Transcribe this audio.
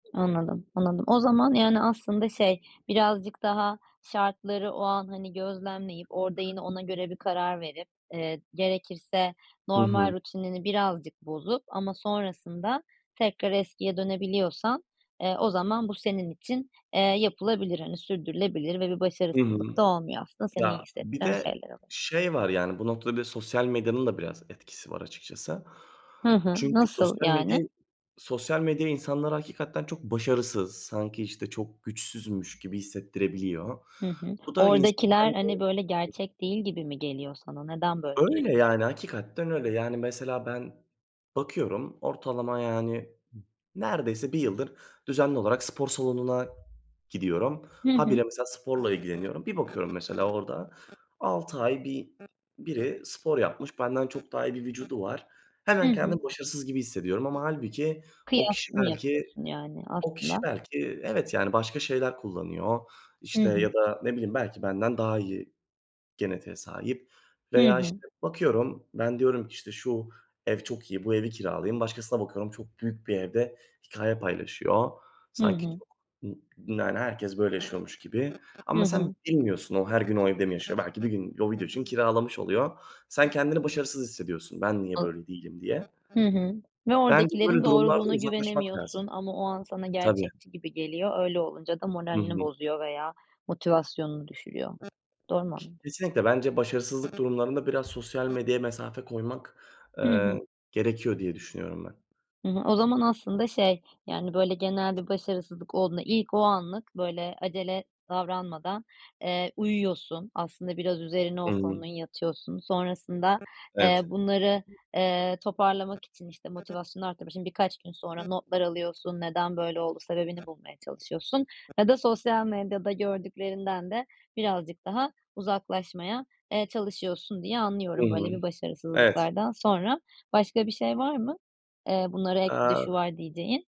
Anladım, anladım. O zaman, yani, aslında şey, birazcık daha şartları o an, hani, gözlemleyip orada yine ona göre bir karar verip, eee, gerekirse Hı normal hı. rutinini birazcık bozup ama sonrasında tekrar eskiye dönebiliyorsan, eee, o zaman bu senin için, eee, yapılabilir, hani, sürdürülebilir ve bir Hı hı. başarısızlık da olmuyor aslında. Seni iyi Ya, bir hissettiren de şeyler oluyor. şey var, yani bu noktada bir de sosyal medyanın da biraz etkisi var açıkçası. Hı hı. Çünkü Nasıl, sosyal medya yani? sosyal medya insanları hakikaten çok başarısız, sanki, işte, çok güçsüzmüş gibi hissettirebiliyor. Hı hı. Bu da insanı Oradakiler, bence hani, böyle [unintelligible] gerçek değil gibi mi geliyor sana? Neden böyle Öyle, düşünüyorsun? yani, hakikaten öyle. Yani, mesela ben bakıyorum ortalama yani neredeyse 1 yıldır düzenli olarak spor salonuna gidiyorum. Hı Ha hı. bire, mesela, sporla ilgileniyorum. Bir bakıyorum, mesela, orada 6 ay bir biri spor yapmış. Benden çok daha iyi bir vücudu var. Hı Hemen hı. kendimi başarısız gibi hissediyorum ama hâlbuki o Kıya kişi nı belki yapıyorsun yani o kişi aslında. belki evet, yani, başka şeyler kullanıyor, Hı işte, hı. ya da, ne bileyim, belki benden daha iyi genetiğe sahip Hı veya, işte, hı. bakıyorum, ben diyorum ki, işte, "Şu ev çok iyi, bu evi kiralayayım." Başkasına bakıyorum, çok büyük bir evde hikâye paylaşıyor. Hı Sanki hı. çok ı yani, herkes böyle yaşıyormuş gibi. Hı Ama sen hı. bilmiyorsun, o her gün o evde mi yaşıyor, belki bir gün o video için kiralamış oluyor. Sen kendini başarısız hissediyorsun, "Ben niye [unintelligible] böyle değilim." diye. Hı hı, ve Bence oradakilerin böyle durumlarda doğruluğuna uzaklaşmak lazım. güvenemiyorsun ama o an sana Tabii. gerçekçi gibi geliyor. Öyle olunca da Hı moralini hı. bozuyor veya motivasyonunu düşürüyor. Doğru mu K anladım? kesinlikle. Bence başarısızlık durumlarında biraz sosyal medyaya mesafe koymak, Hı eee, hı. gerekiyor diye düşünüyorum ben. [unintelligible] O zaman aslında şey, yani, böyle, genel bir başarısızlık olduğunda ilk o anlık böyle acele davranmadan, eee, uyuyorsun. Aslında biraz üzerine Hı o hı. konunun yatıyorsun. Sonrasında, eee, Evet. bunları, eee, toparlamak için, işte, motivasyonu arttırmak için birkaç gün sonra notlar alıyorsun, neden böyle oldu sebebini bulmaya çalışıyorsun ya da sosyal medyada gördüklerinden de birazcık daha uzaklaşmaya, eee, çalışıyorsun diye Hı anlıyorum hı, böyle bir evet. başarısızlıklardan sonra. Başka bir şey var mı? Eee, bunlara ek bir de şu Aaa var diyeceğin?